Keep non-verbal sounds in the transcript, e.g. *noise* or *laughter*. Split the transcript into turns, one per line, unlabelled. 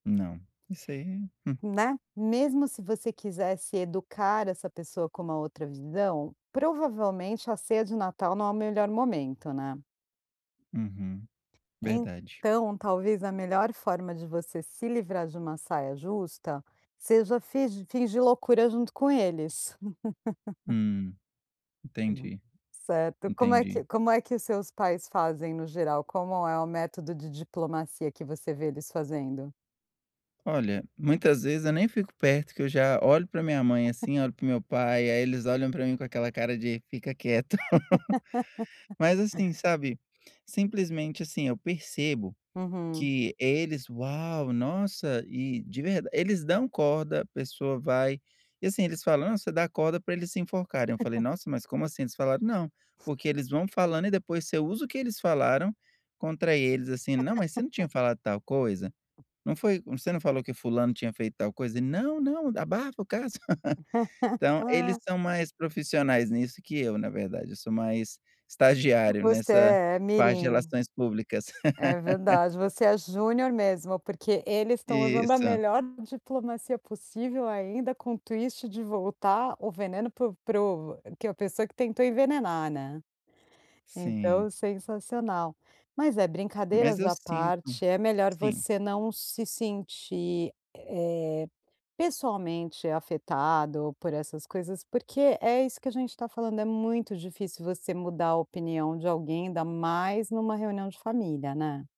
Não. Isso aí, hum.
Né? Mesmo se você quisesse educar essa pessoa com uma outra visão, provavelmente a ceia de Natal não é o melhor momento, né?
Uhum. Verdade.
Então, talvez a melhor forma de você se livrar de uma saia justa seja figi fingir loucura junto com eles. *laughs*
Hum,
Uhum.
entendi,
Certo. Como é
entendi.
que como é que seus pais fazem no geral, como é o método de diplomacia que você vê eles fazendo?
Olha, muitas vezes eu nem fico perto, que eu já olho pra minha mãe assim,
*laughs*
olho para o meu pai, aí eles olham pra mim com aquela cara de fica quieto. *laughs*
*laughs*
Mas assim, sabe? Simplesmente assim eu percebo
Uhum.
que eles: "Uau, nossa!", e de verd eles dão corda, a pessoa vai e, assim, eles falam: "Ah, você dá corda pra eles se enforcarem.", eu falei:
*laughs*
"Nossa, mas como assim?". Eles falaram: "Não, porque eles vão falando e depois você usa o que eles falaram contra eles, assim." "Não, mas você não tinha
*laughs*
falado tal coisa?"
Hum.
"Não foi, você não falou que fulano tinha feito tal coisa? Não, não, abafa o caso". *laughs* Então eles
*laughs*
são mais profissionais nisso que eu, na verdade. Eu sou mais estagiário
Você
nessa
é
parte de
mirim.
relações públicas.
É
*laughs*
verdade. Você é júnior mesmo, porque eles estão usando a
Isso.
melhor diplomacia possível ainda com o twist de voltar o veneno para o para o que a pessoa que tentou envenenar, né. Então,
Sim.
sensacional. Mas é,
Mas
brincadeiras
eu
à
sinto
parte, é melhor
sim.
você não se sentir, eh, pessoalmente afetado por essas coisas, porque é isso que a gente tá falando, é muito difícil você mudar a opinião de alguém, ainda mais numa reunião de família, né.